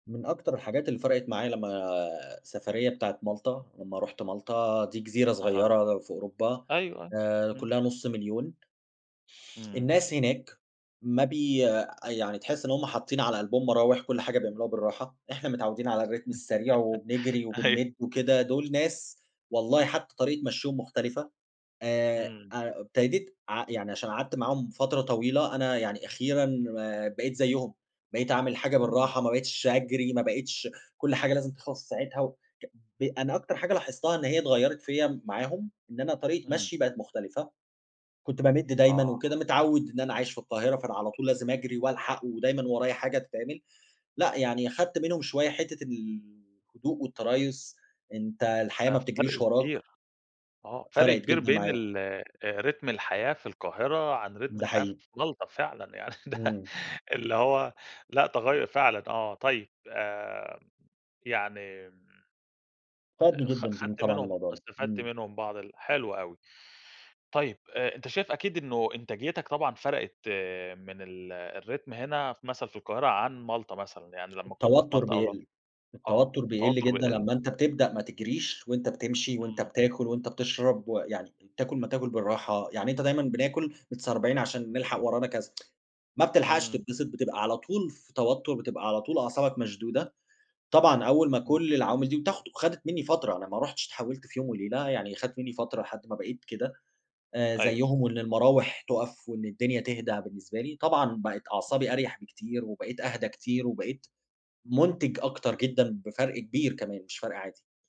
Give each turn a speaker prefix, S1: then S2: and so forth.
S1: من أكتر الحاجات اللي فرقت معايا لمّا السفرية بتاعة مالطا، لمّا رحت مالطا، دي جزيرة
S2: أها،
S1: صغيّرة في أوروبا
S2: أيوه، أيوه،
S1: آآ
S2: إمم.
S1: كلّها نُص 1000000
S2: إمم.
S1: الناس هناك ما بي يعني تحس إن همّ حاطين على قلبهم مراوح، كل حاجة بيعملوها بالراحه، إحنا متعودين على الرتم السريع وبنجري
S2: أيوه.
S1: وبنمد وكده، دول ناس والله حتّى طريقة مشيهم مختلفة. آآ،
S2: إمم.
S1: ابتديت ع يعني عشان قعدت معاهم فترة طويلة أنا يعني أخيرًا بقيت زيهم، بقيت اعمل الحاجة
S2: إمم.
S1: بالراحه، ما بقتش أجري، ما بقتش كل حاجة لازم تخلص في ساعتها. وك ب أنا أكتر حاجة لاحظتها إن هي اتغيرت فيَّ معاهم، إن أنا طريقة
S2: إمم.
S1: مَشيي بقت مختلفة. كنت بامد دايمًا
S2: آه.
S1: وكده متعوّد إن أنا عايش في القاهرة، فأنا على طول لازم أجري وألحق ودايمًا ورايَ حاجة تتعمل. لأ يعني خدت منهم شويّة حتّة الهدوء والتريث، أنت الحياة
S2: ده
S1: ما بتجريش
S2: فرْق
S1: وراك.
S2: كبير، آه، فرق
S1: فرَقت
S2: كبير
S1: جدًا
S2: بين
S1: معايا.
S2: ال آآ، رتم الحياة في القاهرة عن رتم
S1: ده
S2: الحياة في
S1: حيقيقى.
S2: مالطا فعلًا، يعني ده
S1: إمم.
S2: اللي هو لأ تغيُّر فعلًا آه، طيّب آآ يعني
S1: فادني
S2: آآ خ
S1: جدًا جدًا
S2: خدت
S1: طبعًا
S2: منهم
S1: الموضوع ده،
S2: استفدت
S1: إمم.
S2: منهم بعض ال حلو أوي. طيب آآ، أنت شايف أكيد إنّه إنتاجيتك طبعًا فرقت من ال الرتم هنا مثلًا في القاهرة عن مالطا مثلًا، يعني لمّا كنت في
S1: التوتر
S2: مالطا أو ل
S1: بيقل،
S2: آه،
S1: التوتّر بيقل
S2: التوتّر
S1: جدًا
S2: بيقل.
S1: لمّا أنت بتبدأ ما تجريش وأنت بتمشي وأنت
S2: إمم.
S1: بتاكل وأنت بتشرب، ويعني تاكل ما تاكل بالراحه، يعني أنت دايمًا بناكل متسربعين عشان نلحق ورانا كذا، ما بتلحقش
S2: إمم.
S1: تتبسط، بتبقى على طول في توتّر، بتبقى على طول أعصابك مشدودة. طبعًا أوّل ما
S2: إمم.
S1: كل العوامل دي بتاخد وخدت مِنّي فترة، أنا ما رحتش اتحولت في يوم وليلة، يعني خدت مِنّي فترة لحد ما بقيت كده آآ،
S2: أيوه.
S1: زيهم، وإن المراوح تقف وإن الدنيا تهدا بالنسبة لي، طبعًا بقت أعصابي أريح بكتير، وبقيت أهدى كتير، وبقيت منتج أكتر جدًا بفرق كبير كمان مش فرْق عادي.